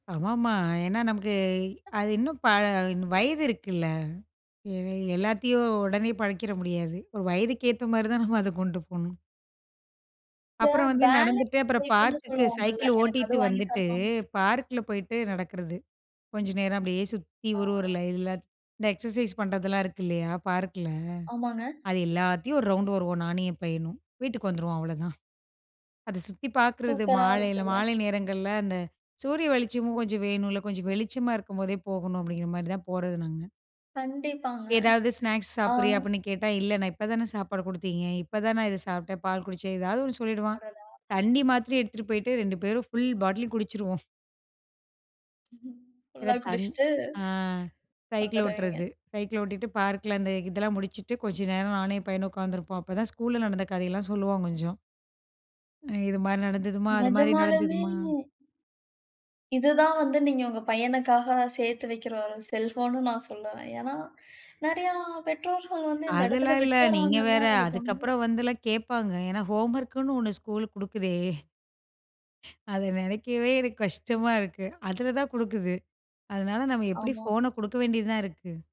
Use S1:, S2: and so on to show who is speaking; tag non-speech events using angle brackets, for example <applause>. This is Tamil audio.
S1: ஆமாமா. ஏன்னா நமக்கு, அது இன்னும் பல வயது இருக்குல்ல. எ எல்லாத்தையும் ஒடனே பழக்கிட முடியாது. ஒரு வயதுக்கு ஏத்தா மாரி தான் நம்ம அத கொண்டு போணும்.
S2: இந்த
S1: அப்புறம் வந்து
S2: பேலன்ஸ்
S1: நடந்துட்டு. அப்புறம்
S2: கேக்குன்னு
S1: பார்க்குக்கு,
S2: சொல்வாங்கள்ல.
S1: சைக்கிள்
S2: எனக்கு அது
S1: ஓட்டிட்டு
S2: வாங்கி
S1: வந்துட்டு,
S2: தரணும்னு.
S1: பார்க்கில போயிட்டு நடக்கிறது. கொஞ்சம் நேரம் அப்படியே சுத்தி, ஒரு, ஒரு
S2: அ.
S1: லைன்ல. இந்த எக்ஸர்சைஸ் பண்ணுறதெல்லாம் இருக்கு இல்லையா, பார்க்கில.
S2: ஆமாங்க.
S1: அது எல்லாத்தையும் ஒரு ரவுண்டு வருவோம், நானும் என் பையனும். வீட்டுக்கு வந்துருவோம். அவ்வளோதான். அத சுத்தி பார்க்கிறது
S2: சூப்பரா
S1: மாலையில
S2: இருக்குல்ல.
S1: மாலை நேரங்கள்ல. அந்த சூரிய வெளிச்சமும் கொஞ்சம் வேணுல, கொஞ்சம் வெளிச்சமா இருக்கும்போதே போகணும் அப்படிங்கிற மாரி தான் போறது நாங்க!
S2: கண்டிப்பாங்க.
S1: ஏதாவது ஸ்நாக்ஸ்
S2: அ.
S1: சாப்பிடுறியா அப்படின்னு கேட்டா, இல்ல நான் இப்பதானே சாப்பாடு குடுத்தீங்க, இப்ப தான் நான் இத சாப்பிட்டேன், பால் குடிச்சேன், ஏதாவது ஒன்னு சொல்லிடுவான்.
S2: அடடா!
S1: தண்ணி மாத்ரி எடுத்துட்டு போயிட்டு, 2 பேரும் ஃபுல் பாட்டிலும் குடிச்சிருவோம். சில
S2: ஃபுல்லா
S1: தண்
S2: குடிஷ்டு,
S1: அ சைக்கிள்
S2: வந்துருவீங்க.
S1: ஓட்டுறது. சைக்கிள் ஓட்டிட்டு பார்க்கில அந்த இதெல்லாம் முடிச்சிட்டு, கொஞ்சம் நேரம் நானும் என் பையனும் உட்காந்துருப்போம். அப்பதான் ஸ்கூல்ல நடந்த கதையெல்லாம் சொல்லுவான் கொஞ்சம். ம், இது மாரி நடந்ததுமா, அது மாதிரி
S2: நெஜமாலுமே
S1: நடந்ததுமா.
S2: இது தான் வந்து நீங்க உங்க பையனுக்காக, சேத்து வெக்கிற ஒரு செல்வம்னு நா சொல்லுவேன். ஏன்னா, நெறையா பெற்றோர்கள் வந்து, இந்த இடத்துல
S1: அதெல்லாம் இல்ல, நீங்க
S2: விட்டுடுறாங்கன்னு
S1: வேற.
S2: தான் எனக்கு தோணுது.
S1: அதுக்கப்புறம் வந்துலாம் கேட்பாங்க. ஏன்னா ஹோம்வொர்க்குன்னு ஒன்னு ஸ்கூல் குடுக்குதே. <breath> அதை நெனைக்கவே எனக்கு கஷ்டமா இருக்கு. அதில தான் குடுக்குது. அதனால நாம எப்படி
S2: ஆமா.
S1: ஃபோன குடுக்க வேண்டியதுதான் இருக்கு.